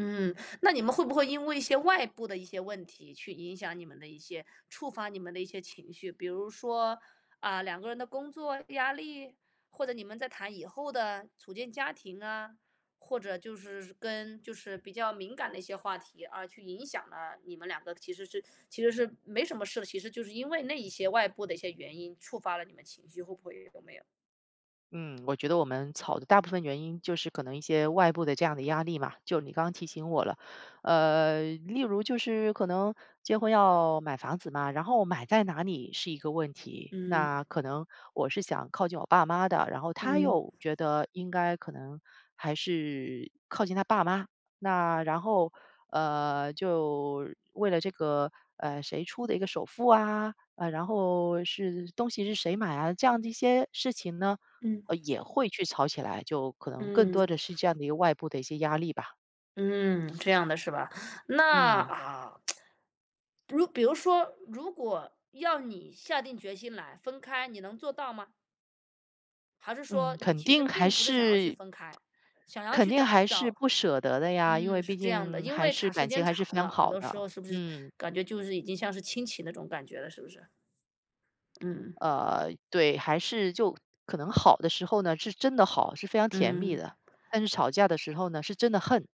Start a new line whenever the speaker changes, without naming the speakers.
嗯，那你们会不会因为一些外部的一些问题去影响你们的一些触发你们的一些情绪？比如说，啊，两个人的工作压力，或者你们在谈以后的，组建家庭啊。或者就是跟就是比较敏感的一些话题，啊，去影响了你们两个。其实是其实是没什么事的，其实就是因为那一些外部的一些原因，触发了你们情绪，会不会？有没有？
嗯，我觉得我们吵的大部分原因就是可能一些外部的这样的压力嘛，就你刚提醒我了。呃，例如就是，可能结婚要买房子嘛，然后买在哪里？是一个问题。
嗯。
那可能，我是想靠近我爸妈的，然后，他
嗯。
又觉得应该可能还是，靠近他爸妈。那然后，呃，就为了这个，呃，谁出的一个首付啊？呃，然后是东西是谁买啊？这样的一些事情呢，
嗯。
呃，也会去吵起来，就可能更多
嗯。
的是这样的一个外部的一些压力吧。
嗯，这样的是吧？那
嗯。
啊 如比如说，如果要你下定决心来分开，你能做到吗？还是
嗯，
说，你
肯
其实
定还
并不是想要去
是
分开，想要
肯
去
定
找
还是
找
不舍得的呀，因为
嗯，是
毕
这样的。
竟，
因
还
为
是
长时
感情
间
还是非
长
常
了，很
好
多时
的，
候是不是，
嗯。
感觉就是已经像是亲情那种感觉了，是不是？嗯。嗯。
呃，对，还是就可能好的时候呢，是真的好，是非常甜蜜
嗯。
的。但是吵架的时候呢，是真的恨。